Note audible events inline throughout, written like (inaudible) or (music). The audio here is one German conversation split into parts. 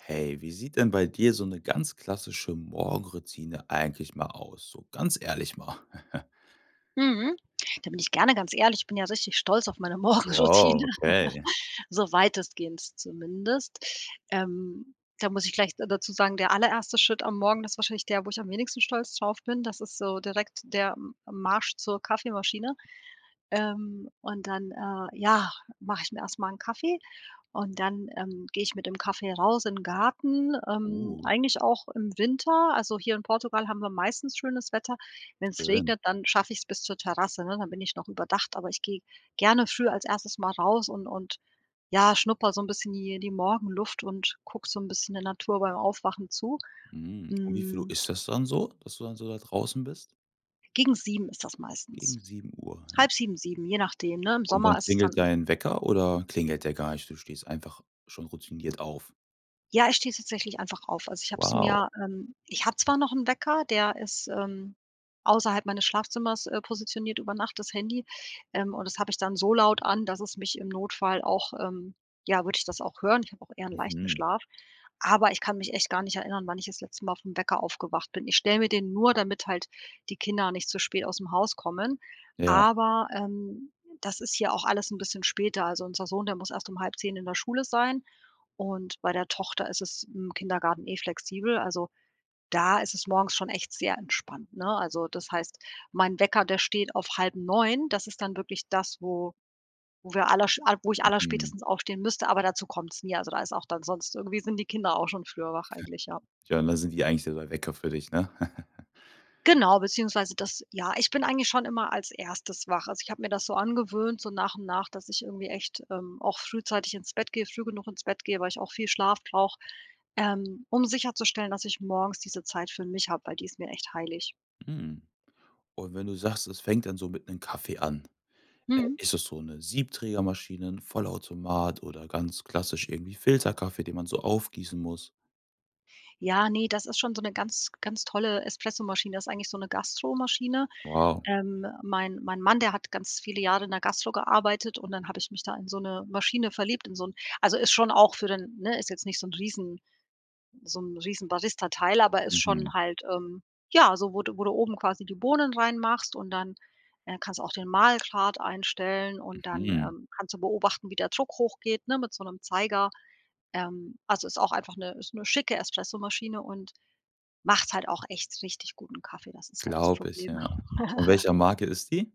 Hey, wie sieht denn bei dir so 'ne ganz klassische Morgenroutine eigentlich mal aus, so ganz ehrlich mal? (chuckles) Mhm, da bin ich gerne ganz ehrlich, ich bin ja richtig stolz auf meine Wow, Morgenroutine, (chuckles) okay. so weitestgehend zumindest. Ähm, da muss ich gleich da dazu sagen, der allererste Schritt am Morgen, das wahrscheinlich der, wo ich am wenigsten stolz drauf bin. Das ist so direkt der M Marsch zur Kaffeemaschine, ähm, und dann, äh ja, mache ich mir erst mal 'n Kaffee und dann, ähm, gehe ich mit dem Kaffee raus in den Garten, ähm, Uh. eigentlich auch im Winter. Also, hier in Portugal haben wir meistens schönes Wetter. Wenn's Schön. regnet, dann schaffe ich's bis zur Terrasse, ne, dann bin ich noch überdacht, aber ich gehe gerne früh als erstes Mal raus und und ja schnupper so 'n bisschen hier die Morgenluft und gucke so 'n bisschen der Natur beim Aufwachen zu. Mhm, um wie viel Uhr Hm ist das dann so, dass du dann so da draußen bist? Gegen 7:00 ist das Gegen meistens. 7:00, ja. 6:30, 7, je nachdem, ne, im Und wann Sommer ist es klingelt dann dein Wecker oder klingelt der gar nicht? Du stehst einfach schon routiniert auf. Ja, ich stehe tatsächlich einfach auf also ich habe es Wow. mir ähm, ich habe zwar noch 'n Wecker, der ist, ähm, außerhalb meines Schlafzimmers, äh, positioniert über Nacht das Handy, ähm, und das habe ich dann so laut an, dass es mich im Notfall auch ähm, ja, würde ich das auch hören. Ich habe auch eher 'n leichten Mhm. Schlaf, aber ich kann mich echt gar nicht erinnern, wann ich das letzte Mal auf 'n Wecker aufgewacht bin. Ich stell mir den nur, damit halt die Kinder nicht zu spät ausm Haus kommen, Ja. aber, ähm, das ist hier auch alles 'n bisschen später. Also, unser Sohn, der muss erst um 9:30 in der Schule sein und bei der Tochter ist es im Kindergarten eh flexibel also, da ist es morgens schon echt sehr entspannt, ne? Also, das heißt, mein Wecker, der steht auf 8:30, das ist dann wirklich das, wo wo wir allersch al wo ich Mhm. allerspätestens aufstehen müsste, aber dazu kommt's nie also da ist auch dann sonst irgendwie sind die Kinder auch schon früher wach eigentlich, ja. (snorts) Ja, und da sind die eigentlich so der Wecker für dich, ne? (chuckles) Genau beziehungsweise das ja, ich bin eigentlich schon immer als 1. wach. Also, ich hab mir das so angewöhnt, so nach und nach, dass ich irgendwie echt, ähm, auch frühzeitig ins Bett gehe, früh genug ins Bett gehe, weil ich auch viel Schlaf brauche, ähm, um sicherzustellen, dass ich morgens diese Zeit für mich habe, weil die ist mir echt heilig. Mhm. Und wenn du sagst, es fängt dann so mit 'nem Kaffee an, äh, Mhm. ist es so 'ne Siebträgermaschine, 'n Vollautomat oder ganz klassisch irgendwie Filterkaffee, den man so aufgießen muss? Ja, ne, das ist schon so 'ne ganz ganz tolle Espressomaschine, das ist eigentlich so 'ne Gastromaschine. Wow. Ähm, mein mein Mann, der hat ganz viele Jahre in der Gastro gearbeitet und dann habe ich mich da in so 'ne Maschine verliebt, in so 'n also, ist schon auch für den ne, ist jetzt nicht so 'n riesen so 'n riesen Barista-Teil. Aber ist schon Mhm. halt, ähm, ja, so wo du wo du oben quasi die Bohnen reinmachst und dann, äh, kannst du auch den Mahlgrad einstellen und dann, Mhm. ähm, kannst du beobachten, wie der Druck hochgeht ne, mit so 'nem Zeiger. Ähm, also, ist auch einfach 'ne ist 'ne schicke Espressomaschine und macht halt auch echt richtig guten Kaffee, das ist halt das Glaube ich, Problem. ja. Von (giggles) welcher Marke ist die?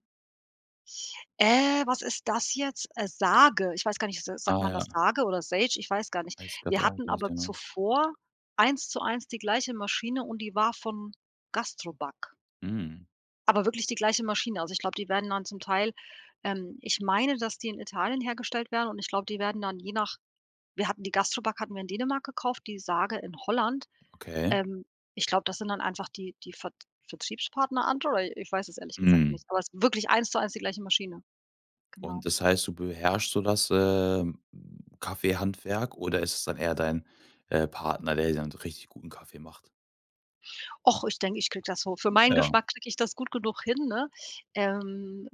Äh, was ist das jetzt? Äh, Sage, ich weiß gar nicht, s Ah sagt man das ja. Sage oder Sage ich weiß gar nicht. Weißt grad Wir auch hatten nicht aber genau? zuvor eins zu eins die gleiche Maschine und die war von GASTROBACK. Mhm. Aber wirklich die gleiche Maschine. Also, ich glaube, die werden dann zum Teil ähm, ich meine, dass die in Italien hergestellt werden und ich glaube, die werden dann je nach wir hatten die GASTROBACK hatten wir in Dänemark gekauft, die Sage in Holland. Okay. Ähm, ich glaube, das sind dann einfach die die Ver Vertriebspartner andere äh, ich weiß es ehrlich gesagt Mhm. nicht, aber es ist wirklich eins zu eins die gleiche Maschine. Genau. Und das heißt, du beherrscht so das, äh, Kaffeehandwerk oder ist es dann eher dein, äh, Partner, der dir dann so richtig guten Kaffee macht? Ach, ich denke, ich kriege das so für meinen Ja. Geschmack kriege ich das gut genug hin, ne? Ähm,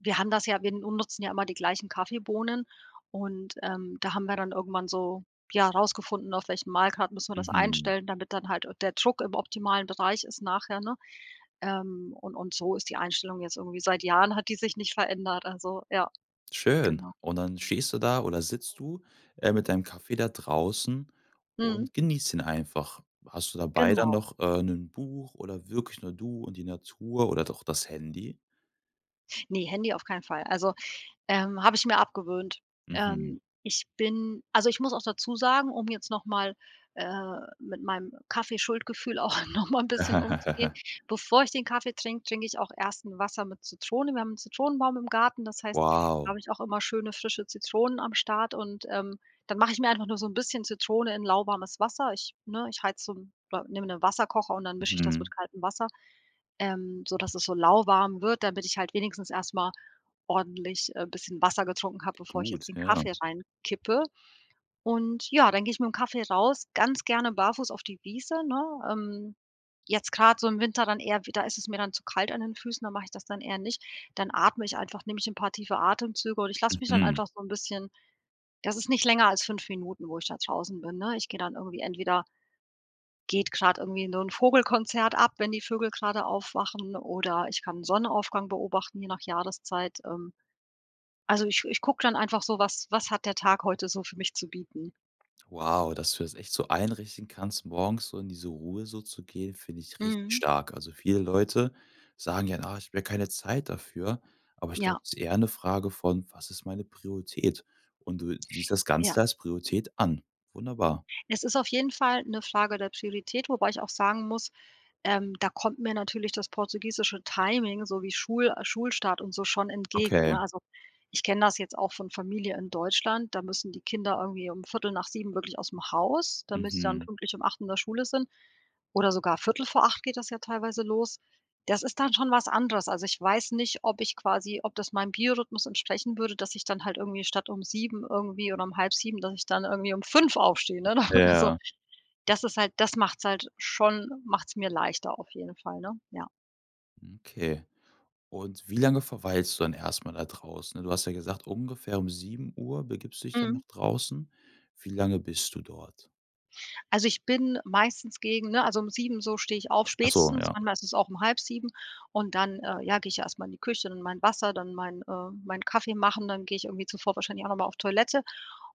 wir haben das ja wir n nutzen ja immer die gleichen Kaffeebohnen und, ähm, da haben wir dann irgendwann so, ja, rausgefunden, auf welchen Mahlgrad müssen wir das Mhm. einstellen, damit dann halt, äh, der Druck im optimalen Bereich ist nachher, ne? Ähm, und und so ist die Einstellung jetzt irgendwie seit Jahren hat die sich nicht verändert, also ja, Schön. genau. Und dann stehst du da oder sitzt du, äh, mit deinem Kaffee da draußen Mhm. und genießt ihn einfach. Hast du dabei dann Genau. noch, äh, 'nen Buch oder wirklich nur du und die Natur oder doch das Handy? Ne, Handy auf keinen Fall also, ähm, habe ich mir abgewöhnt. Mhm. Ähm, ich bin also ich muss auch dazusagen, um jetzt nochmal, äh, mit meinem Kaffee-Schuldgefühl auch noch mal 'n bisschen umzugehen. (laughs) Bevor ich den Kaffee trinke, trinke ich auch erst 'n Wasser mit Zitrone. Wir haben 'n Zitronenbaum im Garten, das heißt, da habe Wow. ich auch immer schöne, frische Zitronen am Start und, ähm, dann mache ich mir einfach nur so 'n bisschen Zitrone in lauwarmes Wasser. Ich ne, ich heize so 'n oder nehme 'nen Wasserkocher und dann mische ich das mit Mhm. kaltem Wasser, ähm, sodass es so lauwarm wird, damit ich halt wenigstens erst mal ordentlich, äh, bisschen Wasser getrunken habe, bevor ich jetzt Gut, den ja. Kaffee reinkippe. Und ja, dann gehe ich mit dem Kaffee raus, ganz gerne barfuß auf die Wiese, ne? Ähm, jetzt grad so im Winter dann eher wieder ist es mir dann zu kalt an den Füßen, dann mache ich das dann eher nicht. Dann atme ich einfach, nehme ich 'n paar tiefe Atemzüge und ich lasse mich dann Mhm. einfach so 'n bisschen das ist nicht länger als 5 Minuten, wo ich da draußen bin, ne? Ich gehe dann irgendwie entweder geht grad irgendwie so 'nen Vogelkonzert ab, wenn die Vögel gerade aufwachen oder ich kann Sonnenaufgang beobachten je nach Jahreszeit. Ähm, also ich ich gucke dann einfach so: Was was hat der Tag heute so für mich zu bieten? Wow, dass du das echt so einrichten kannst, morgens so in diese Ruhe so zu gehen, finde ich richtig Mhm. stark. Also viele Leute sagen ja: „Ah, ich habe ja keine Zeit dafür“, aber ich glaube, Ja. das ist eher 'ne Frage von: „Was ist meine Priorität?“ Und du siehst das Ja. Ganze als Priorität an. Wunderbar. Es ist auf jeden Fall 'ne Frage der Priorität, wobei ich auch sagen muss, ähm, da kommt mir natürlich das portugiesische Timing sowie Schul äh, Schulstart und so schon entgegen, ne? Okay. Also, ich kenne das jetzt auch von Familie in Deutschland, da müssen die Kinder irgendwie um 7:15 wirklich ausm Haus, damit sie dann Mhm. pünktlich um 8:00 in der Schule sind oder sogar 7:45 geht das ja teilweise los. Das ist dann schon was anderes. Also ich weiß nicht, ob ich quasi ob das meinem Biorhythmus entsprechen würde, dass ich dann halt irgendwie statt um 7:00 irgendwie oder um 7:30, dass ich dann irgendwie um 5:00 aufstehe, ne oder oder so? Ja. Das ist halt das macht's halt schon macht's mir leichter auf jeden Fall, ne? Ja. Okay. Und wie lange verweilst du dann erst mal da draußen? Ne, du hast ja gesagt, ungefähr um 7:00 begibst du dich dann nach Mhm. draußen. Wie lange bist du dort? Also, ich bin meistens gegen, ne also um 7:00 so stehe ich auf, Ach so, spätestens, ja. manchmal ist es auch um 6:30 und dann, äh ja, gehe ich erst mal in die Küche, dann mein Wasser, dann mein äh, meinen Kaffee machen, dann gehe ich irgendwie zuvor wahrscheinlich auch noch mal auf Toilette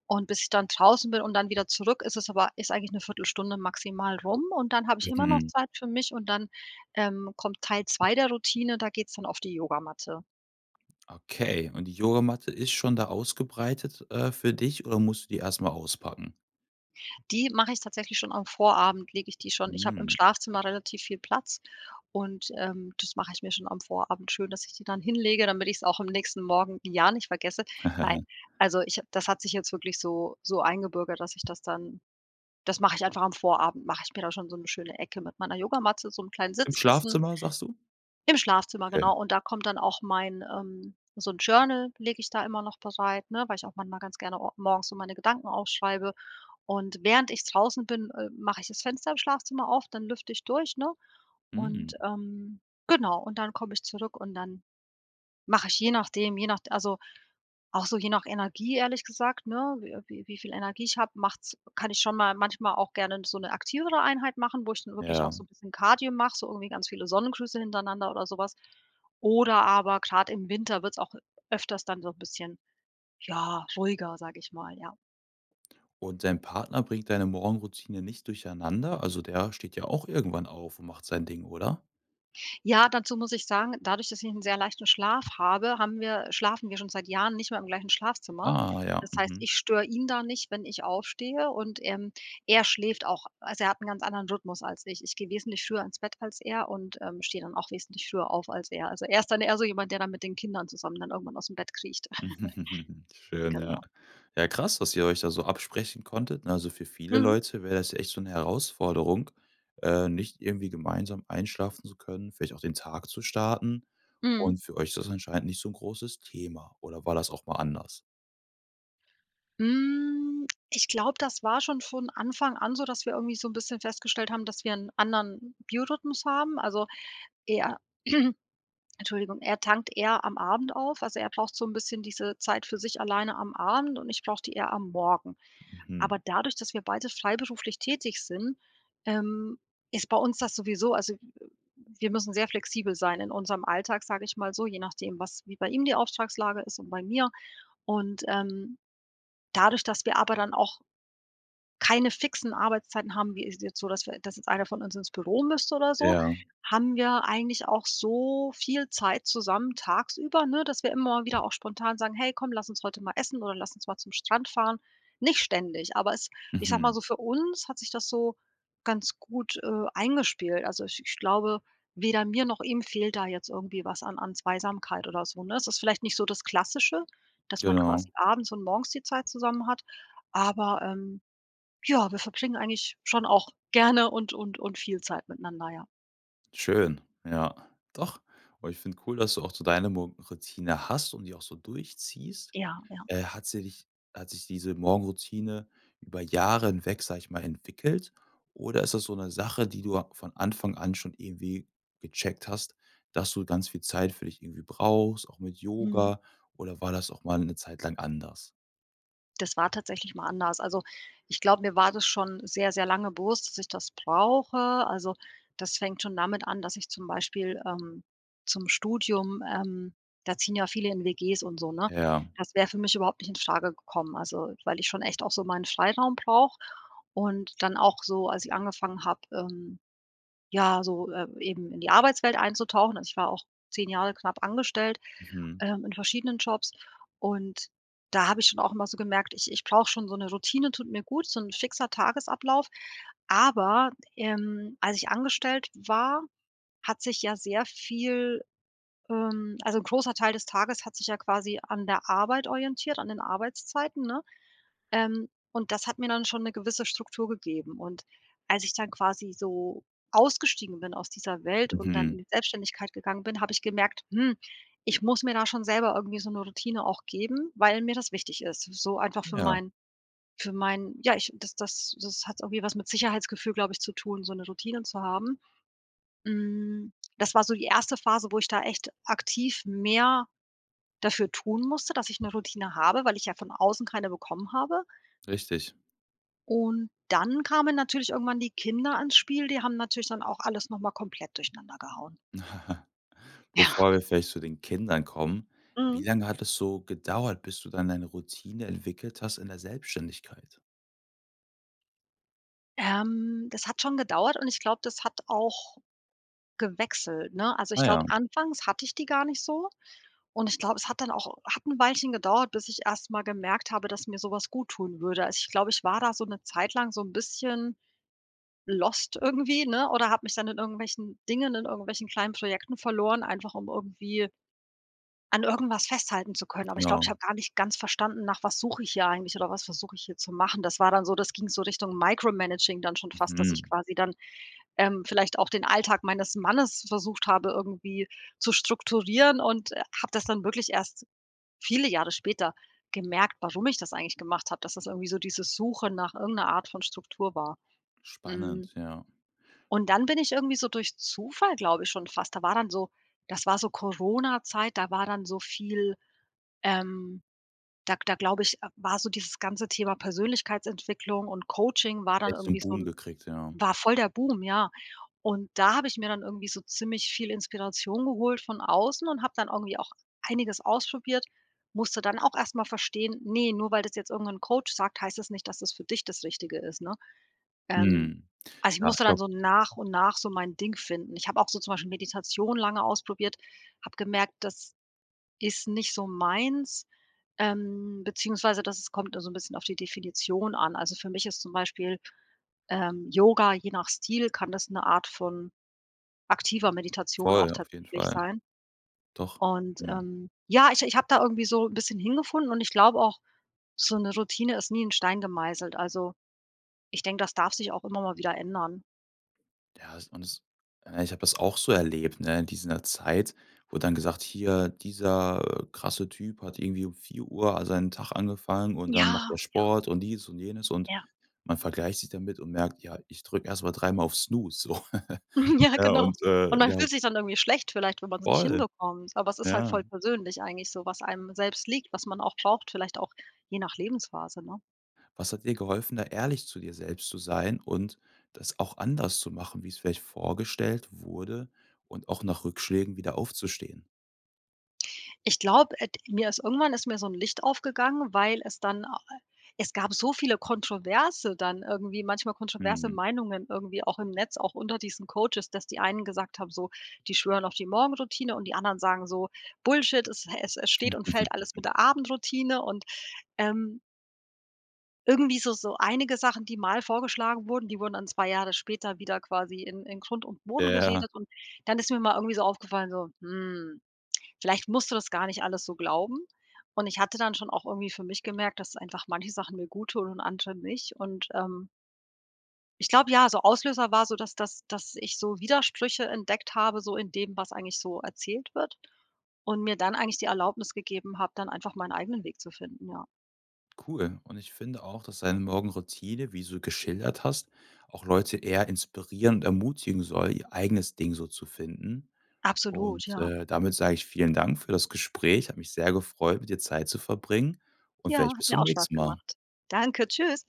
und bis ich dann draußen bin und dann wieder zurück, ist es aber ist eigentlich ne Viertelstunde maximal rum und dann habe ich immer noch Mhm. Zeit für mich und dann, ähm, kommt Teil 2 der Routine, da geht's dann auf die Yogamatte. Okay und die Yogamatte ist schon da ausgebreitet, äh, für dich oder musst du die erstmal auspacken? Die mache ich tatsächlich schon am Vorabend lege ich die schon ich hab im Mhm. Schlafzimmer relativ viel Platz und, ähm, das mache ich mir schon am Vorabend schön, dass ich die dann hinlege, damit ich's auch am nächsten Morgen ja nicht vergesse. Nein, (giggles) also ich ha das hat sich jetzt wirklich so so eingebürgert, dass ich das dann das mache ich einfach am Vorabend, mache ich mir da schon so 'ne schöne Ecke mit meiner Yogamatte, so 'n kleinen Im Sitzkissen Schlafzimmer sagst du? im Schlafzimmer, Okay. genau, und da kommt dann auch mein ähm, so 'n Journal lege ich da immer noch bereit, ne, weil ich auch manchmal ganz gerne o morgens so meine Gedanken aufschreibe und während ich draußen bin, äh, mache ich das Fenster im Schlafzimmer auf, dann lüfte ich durch, ne? Und Mhm. ähm, genau und dann komme ich zurück und dann mache ich je nachdem, je nachde also auch so je nach Energie ehrlich gesagt, ne, wi wi wie viel Energie ich habe, macht's kann ich schon mal manchmal auch gerne so 'ne aktivere Einheit machen, wo ich dann wirklich auch so Ja. 'n bisschen Kardio mache, so irgendwie ganz viele Sonnengrüße hintereinander oder sowas oder aber grad im Winter wird's auch öfters dann so 'n bisschen, ja, ruhiger, sage ich mal, ja. Und dein Partner bringt deine Morgenroutine nicht durcheinander? Also der steht ja auch irgendwann auf und macht sein Ding, oder? Ja, dazu muss ich sagen, dadurch, dass ich 'n sehr leichten Schlaf habe, haben wir schlafen wir schon seit Jahren nicht mehr im gleichen Schlafzimmer. Ah ja, Das heißt, mhm. ich störe ihn da nicht, wenn ich aufstehe und, ähm, er schläft auch also er hat 'n ganz anderen Rhythmus als ich. Ich gehe wesentlich früher ins Bett als er und, ähm, stehe dann auch wesentlich früher auf als er. Also, er ist dann eher so jemand, der dann mit den Kindern zusammen dann irgendwann aus dem Bett kriecht. (chuckles) (chuckles) Schön, ja. Genau. Ja, krass, dass ihr euch da so absprechen konntet, ne? Also, für viele Mhm. Leute wär das echt so 'ne Herausforderung, äh, nicht irgendwie gemeinsam einschlafen zu können, vielleicht auch den Tag zu starten. Mhm. Und für euch ist das anscheinend nicht so 'n großes Thema oder war das auch mal anders? Hm, ich glaube, das war schon von Anfang an so, dass wir irgendwie so 'n bisschen festgestellt haben, dass wir 'n anderen Biorhythmus haben, also er (clears throat) Entschuldigung er tankt eher am Abend auf. Also er braucht so 'n bisschen diese Zeit für sich alleine am Abend und ich brauche die eher am Morgen. Mhm. Aber dadurch, dass wir beide freiberuflich tätig sind, ähm, ist bei uns das sowieso also wir müssen sehr flexibel sein in unserem Alltag, sage ich mal so, je nachdem, was wie bei ihm die Auftragslage ist und bei mir und, ähm, dadurch, dass wir aber dann auch keine fixen Arbeitszeiten haben, wie ist jetzt so, dass wir das jetzt einer von uns ins Büro müsste oder so, Ja. haben wir eigentlich auch so viel Zeit zusammen, tagsüber, ne, dass wir immer wieder auch spontan sagen: „Hey komm, lass uns heute mal essen oder lass uns mal zum Strand fahren.“ Nicht ständig, aber es ich sage mal Mhm. so, für uns hat sich das so ganz gut, äh, eingespielt. Also, ich ich glaube, weder mir noch ihm fehlt da jetzt irgendwie was an an Zweisamkeit oder so, ne? Es ist vielleicht nicht so das Klassische, dass man Genau. quasi abends und morgens die Zeit zusammen hat, aber, ähm ja, wir verbringen eigentlich schon auch gerne und und und viel Zeit miteinander, ja. Schön, ja doch. Und ich finde cool, dass du auch so deine Morgenroutine hast und die auch so durchziehst. Ja, ja. Äh, hat sich hat sich diese Morgenroutine über Jahre hinweg, sage ich mal, entwickelt oder ist das so 'ne Sache, die du a von Anfang an schon irgendwie gecheckt hast, dass du ganz viel Zeit für dich irgendwie brauchst, auch mit Mhm. Yoga oder war das auch mal 'ne Zeit lang anders? Das war tatsächlich mal anders. Also, ich glaube, mir war das schon sehr, sehr lange bewusst, dass ich das brauche. Also, das fängt schon damit an, dass ich zum Beispiel, ähm, zum Studium ähm, da ziehen ja viele in WGs und so, ne? Ja. Das wäre für mich überhaupt nicht infrage gekommen, also weil ich schon echt auch so meinen Freiraum brauche und dann auch so, als ich angefangen habe, ähm ja, so, äh eben in die Arbeitswelt einzutauchen. Also, ich war auch 10 Jahre knapp angestellt, Mhm. ähm, in verschiedenen Jobs, und da habe ich schon auch immer so gemerkt: „Ich ich brauche schon so 'ne Routine tut mir gut, so 'n fixer Tagesablauf“, aber, ähm, als ich angestellt war, hat sich ja sehr viel, ähm also 'n großer Teil des Tages hat sich ja quasi an der Arbeit orientiert, an den Arbeitszeiten, ne? Ähm, und das hat mir dann schon 'ne gewisse Struktur gegeben, und als ich dann quasi so ausgestiegen bin aus dieser Welt und dann in Mhm. die Selbstständigkeit gegangen bin, habe ich gemerkt: „Hm, ich muss mir da schon selber irgendwie so 'ne Routine auch geben, weil mir das wichtig ist“, so einfach für Ja. meinen für meinen ja ich, das das das hat irgendwie was mit Sicherheitsgefühl, glaube ich, zu tun, so 'ne Routine zu haben. Hm, das war so die 1. Phase, wo ich da echt aktiv mehr dafür tun musste, dass ich 'ne Routine habe, weil ich ja von außen keine bekommen habe. Richtig. Und dann kamen natürlich irgendwann die Kinder ins Spiel, die haben natürlich dann auch alles noch mal komplett durcheinander gehauen. (chuckles) Ja. Bevor wir vielleicht zu den Kindern kommen. Wie Mhm. lange hat es so gedauert, bis du dann deine Routine entwickelt hast in der Selbstständigkeit? Ähm, das hat schon gedauert, und ich glaube, das hat auch gewechselt, ne? Also, Ah ich ja. glaube, anfangs hatte ich die gar nicht so ,und ich glaube es hat dann auch hat 'n Weilchen gedauert, bis ich erst mal gemerkt habe, dass mir sowas guttun würde. Also, ich glaube, ich war da so 'ne Zeit lang so 'n bisschen lost irgendwie, ne, oder hab mich dann in irgendwelchen Dingen in irgendwelchen kleinen Projekten verloren, einfach um irgendwie an irgendwas festhalten zu können. Aber ich glaube, ich Genau. habe gar nicht ganz verstanden, nach was suche ich hier eigentlich, oder was versuche ich hier zu machen. Das war dann so das ging so Richtung Micro Managing dann schon fast, dass ich Mhm. quasi dann, ähm, vielleicht auch den Alltag meines Mannes versucht habe, irgendwie zu strukturieren und habe das dann wirklich erst viele Jahre später gemerkt, warum ich das eigentlich gemacht habe, dass das irgendwie so dieses Suchen nach irgend 'ner Art von Struktur war. Mhm. Spannend, ja. Und dann bin ich irgendwie so durch Zufall, glaube ich, schon fast da war dann so das war so Coronazeit, da war dann so viel ähm, da da glaube ich, äh, war so dieses ganze Thema Persönlichkeitsentwicklung und Coaching war dann Echt so 'n irgendwie so 'n Boom gekriegt, ja. war voll der Boom, ja. Und da habe ich mir dann irgendwie so ziemlich viel Inspiration geholt von außen und habe dann irgendwie auch einiges ausprobiert, musste dann auch erst mal verstehen: „Ne, nur weil das jetzt irgendein Coach sagt, heißt das nicht, dass das für dich das Richtige ist,“ ne? Ähm, Mhm. also, ich Ja, musste ich dann glaube so nach und nach so mein Ding finden. Ich habe auch so zum Beispiel Meditation lange ausprobiert, habe gemerkt, das ist nicht so meins, ähm, beziehungsweise das kommt immer so 'n bisschen auf die Definition an. Also für mich ist zum Beispiel ähm, Yoga, je nach Stil, kann das 'ne Art von aktiver Meditation auch Voll, auf jeden tatsächlich Fall. sein. Doch. Und, Mhm. ähm, ja, ich ich habe da irgendwie so 'n bisschen hingefunden und ich glaube auch, so 'ne Routine ist nie in Stein gemeißelt. Also, ich denke, das darf sich auch immer mal wieder ändern. Ja es und es äh, ich habe das auch so erlebt, ne? In dieser Zeit, wurde dann gesagt: „Hier, dieser, äh, krasse Typ hat irgendwie um 4:00 al seinen Tag angefangen und dann macht Ja, der ja. Sport und dies und jenes“, und Ja. man vergleicht sich damit und merkt: „Ja, ich drücke erst mal dreimal auf Snooze, so.“ (chuckles) Mhm. Ja, Ja genau. und, Und äh, man ja fühlt sich dann irgendwie schlecht vielleicht, wenn man's nicht Voll. hinbekommt, aber es ist halt Ja. voll persönlich eigentlich so, was einem selbst liegt, was man auch braucht, vielleicht auch je nach Lebensphase, ne? Was hat dir geholfen, da ehrlich zu dir selbst zu sein und das auch anders zu machen, wie's vielleicht vorgestellt wurde und auch nach Rückschlägen wieder aufzustehen? Ich glaube, ed mir ist irgendwann ist mir so 'n Licht aufgegangen, weil es dann a äh es gab so viele Kontroverse dann irgendwie, manchmal kontroverse Mhm. Meinungen irgendwie auch im Netz, auch unter diesen Coaches, dass die einen gesagt haben, so, die schwören auf die Morgenroutine und die anderen sagen so: „Bullshit, es hä es es steht und fällt alles mit (giggles) der Abendroutine“, und, ähm irgendwie so so einige Sachen, die mal vorgeschlagen wurden, die wurden dann 2 Jahre später wieder quasi in in Grund und Boden Ja. geredet und dann ist mir mal irgendwie so aufgefallen, so: „Hm, vielleicht musst du das gar nicht alles so glauben“, und ich hatte dann schon auch irgendwie für mich gemerkt, dass einfach manche Sachen mir guttun und andere nicht und, ähm ich glaube, ja, so Auslöser war so, dass dass dass ich so Widersprüche entdeckt habe, so in dem, was eigentlich so erzählt wird und mir dann eigentlich die Erlaubnis gegeben habe, dann einfach meinen eigenen Weg zu finden, ja. Cool und ich finde auch, dass deine Morgenroutine, wie so geschildert hast, auch Leute eher inspirieren und ermutigen soll, ihr eigenes Ding so zu finden. Absolut, Und, ja. äh, damit sage ich vielen Dank für das Gespräch. Hat mich sehr gefreut, mit dir Zeit zu verbringen und Ja, vielleicht bis hat mir zum auch Spaß nächsten Mal. gemacht. Danke, tschüss.